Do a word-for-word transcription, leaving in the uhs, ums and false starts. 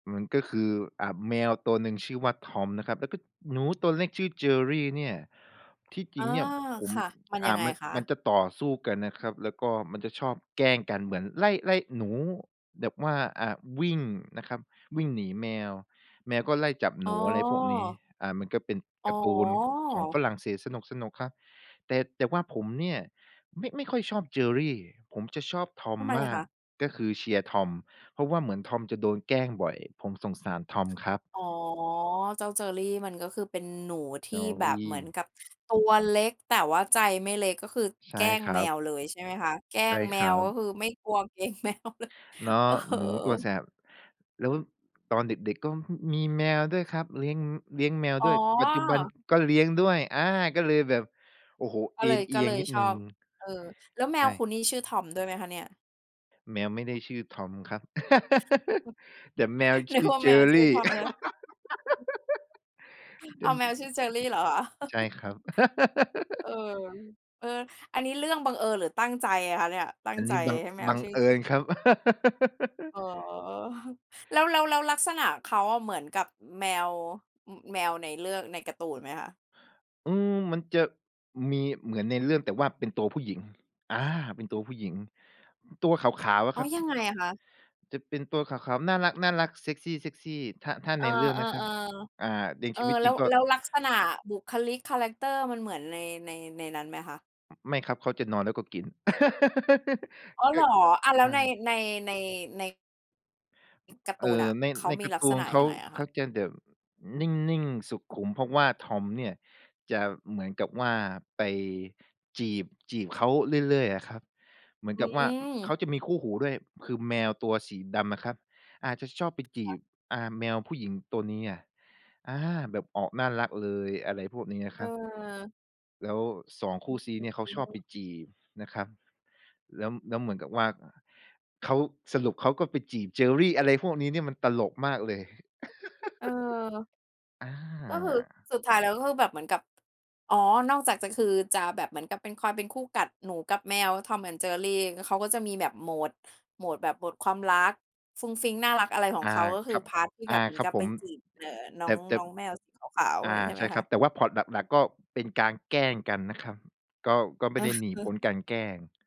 มันก็คือ อ่า แมวตัวหนึ่งชื่อว่า Tom นะครับ แล้วก็หนูตัวเล็กชื่อ Jerry เนี่ย ที่จอรา ิงเนี่ยผม ค่ะ มันอย่ัา งไงมัน คะ? มันจะต่อสู้กันนะครับ แล้วก็มันจะชอบแกล้งกันเหมือนไล่ ไล่หนูแบบว่า อ่า วิ่งนะครับ วิ่งหนีแมว แมวก็ไล่จับอห๋นู อะไรพวกนี้ อ อ่า มันก็เป็นอ๋การ์ตูนของอ ฝรั่งเศสสนุก ๆ ครับ แต่ แต่ว่าผมเนี่ย ไม่ ไม่ค่อยชอบ Jerry ผมจะชอบ ทTom ำไมมอะาคก ะ? ก็คือเชียร์ Tom เพราะว่าเหมือน Tom จะโดนแกล้งบ่อย ผมสงสาร Tom ครับ อ๋อ เจ้า Jerry มันก็คือเป็นหนูที่แบบเหมือนJerry กับตัวเล็ก แต่ว่าใจไม่เล็ก ก็คือใชแก่ล้งครัแมบ วเลย ใช่ไหมคะ แกล้ใช่งแมครัว ก็บ คือไม่กลัว เกรงแมวเลย เนาะ เออ หนูตัวแสบ แล้วตอนเด็ก ๆ ก็ ฮ มีแมวด้วยครับ เลี้ยง อือ เลี้ยงแมวอ๋ด้วย ปัจจุบันอ ก็เลี้ยงด้วย อา ก็เลยแบบ โอ้โฮ กเ็อเลย นเอีก็ยเงลยนิดชหนอึ่ง บ เออ แล้วแมใชวค่ ุณนี่ชื่อ Tom ด้วยไหมคะเนี่ย? แมวไม่ได้ชื่อ Tom ครับ แต่แมวชนึืก่อ ว่าแมวซื่อ Jerry Tom เลย แตอ่ ้าว แมวชื่อ Jerry เหรอ? ใช่ครับ เออ เอ่อ อันนี้เรื่องบังเอิญหรือตั้งใจอะคะเนี่ย? ตั้อังนนใีจ้บัง ให้แมบัวงชื่อ เอิชื่อ ญครับ อ๋อ แล้ว แล้ว แล้วลักษณะเขาอะเหมือนกับแมว อ แมวในเรื่อง ในการ์ตูนไหมคะ? อืม มันจะ มีเหมือนในเรื่อง แต่ว่าเป็นตัวผู้หญิง อา เป็นตัวผู้หญิง ตัวขาว ๆ อะอ๋คอ รับ ยังไงอะคะ? จะเป็นตัวขาว ๆ น่ารัก ๆ เซกซี ๆ ถ้า ถ้าเอในอ เรื่องนะครับ ๆ อ่า ในๆ เอชอ ีวิตแลจ้ริว งก็ แล้วลักษณะบุคลิกคาแรกเตอร์มันเหมือนใน ใน ในนั้นไหมคะ? ไม่ครับ เขาจะนอนแล้วก็กิน อ๋อ เกห็ รอ? อะ แลใช้วใน ่ ใน ใน ใน การ์เตอู่นนอ ่ะ ใน เขาในมกีารลั์ตกูษนณะเขยา ังไงอะเคขะ? าจะแบบนิ่ง ๆ สุขุม เพราะว่า Tom เนี่ยจะเหมือนกับว่าไป จีบ จีบเขาเรื่อย ๆ อะครับ เหมืออนืกับว่า เขาม จะมีคู่หูด้วย คือ แมวตัวสีดำอะครับ อาจจะชอบไปจคี่ะ บ อ่า แมวผู้หญิงตัวนี้อะ อา แบบออกน่ารักเลย อะไรพวกนี้อะครับ เออ แล้ว สอง คอูื่อ ซี้เนี่ย เขๆ าอืชออฮบึ ไปจีบนะครับ แล้ว แล้วเหมือนกับว่า เขา สรุปเขา ก็ไปจีบ Jerry อะไรพวกนี้เนี่ยมันตลกมากเลย เออ อา ก็คือสุดท้ายแล้ว ก็คือแบบเหมือนกับ อ๋อ นอกจากจะ คือจะแบบเหมือนกับเป็น คอยเป็นคู่กัดหนูกับแมว Tom and Jerry ก็ เขาก็จะมีแบบโหมด โหมดแบบ โหมดความรักฟุ้งฟิ้งน่ารัก อะไรของอเา ขา ก็คคือ รับ พาร์ต ที่อแบา บเหมืคอรนับกับผไปม จีบ เอ่อ นแ้อต่ ง แต่ น้องแมวสีขาว ๆ ออะไรา งี้ใชใ่ชไห่มคครับ ะ? แต่ว่าพล็อตหลัก ๆ ก็เป็นการแกล้งกันนะครับ ก็ ก็ไม่ได้หนีพ้นการแกล้ง